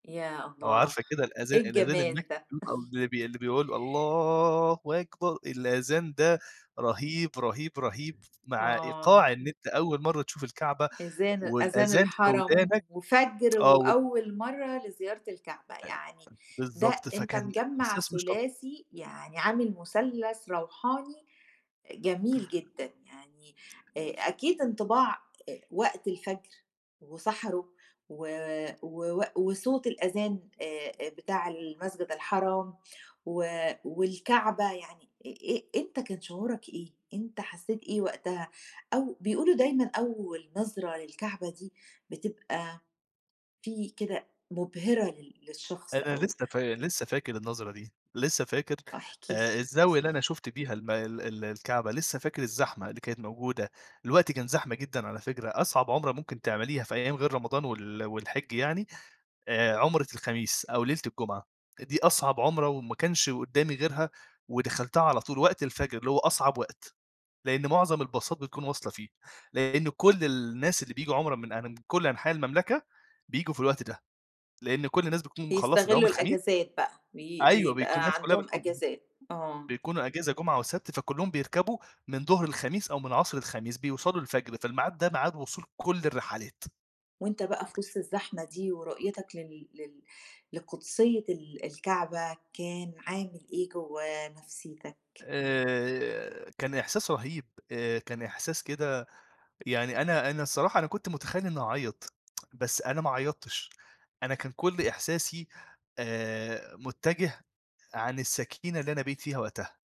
يا أو الله! عارفة كده الأذان إيه الأذان الجمال ده! [unintelligible] اللي بي اللي بيقول الله أكبر، الأذان ده رهيب، رهيب، رهيب مع آه. إيقاع إن أنت أول مرّة تشوف الكعبة، إذان أذان والأذان في الحرم، ودانك، وفجر آه وال وأول مرّة لزيارة الكعبة، يعني [unintelligible] ده بالضبط أنت فكان مجمَّع إحساس مش طَب ثلاثي يعني عامل مثلث روحاني، إ جميل جدًا، يعني آآ أكيد انطباع آآ، وقت الفجر وسَحَره و ووق وصوت الأذان آآ آآ، بتاع المسجد الحرام و والكعبة يعني إي إي أنت كان شعورك إيه؟ أنت حسّيت إيه وقتها؟ أو بيقولوا دايمًا أول نظرة للكعبة دي بتبقى في كده مبهرة لل للشخص أنا أو لسّه فا لسّه فاكر النظرة دي، لسّه فاكر آه احكِ آآ لي. الزاوية اللي أنا شُفت بيها الم ال ال الكعبة، لسّه فاكر الزحمة اللي كانت موجودة. الوقت كان زحمة جدًا على فكرة، أصعب عُمرة ممكن تعمليها في أيام غير رمضان وال والحج يعني، آآ، عُمرة الخميس أو ليلة الجمعة. دي أصعب عُمرة، وما كانش قدّامي غيرها، ودَخَلتها على طول وقت الفجر اللي هو أصعب وقت، لأن مُعظَم الباصات بتكون واصلة فيه، لأن كل الناس اللي بييجوا عُمرة من أن من كل أنحاء المملكة بييجوا في الوقت ده. لأن كل الناس بتكون مخلّصة دوام بيستغلّوا الخميس الإجازات بقى بي أيوَه بيكون بيبقى الناس كلّها عندهم بتكون إجازات آه. بيكونوا إجازة جمعة وسبت، فكلّهم بيركبوا من ضهر الخميس أو من عصر الخميس بيوصلوا الفجر، فالميعاد ده ميعاد وصول كل الرحلات. وأنت بقى في وسط الزحمة دي ورؤيتك لل لل لقدسية ال الكعبة كان عامل إيه جوّه نَفسيتك؟ آآ كان إحساس رهيب آآ كان إحساس كده يعني أنا أنا الصراحة أنا كنت متخيِّل إنّي هاعيّط، بس أنا ما عيّطتش، أنا كان كل إحساسي آآ مُتجِه عن السكينة اللي أنا بقيت فيها وقتها.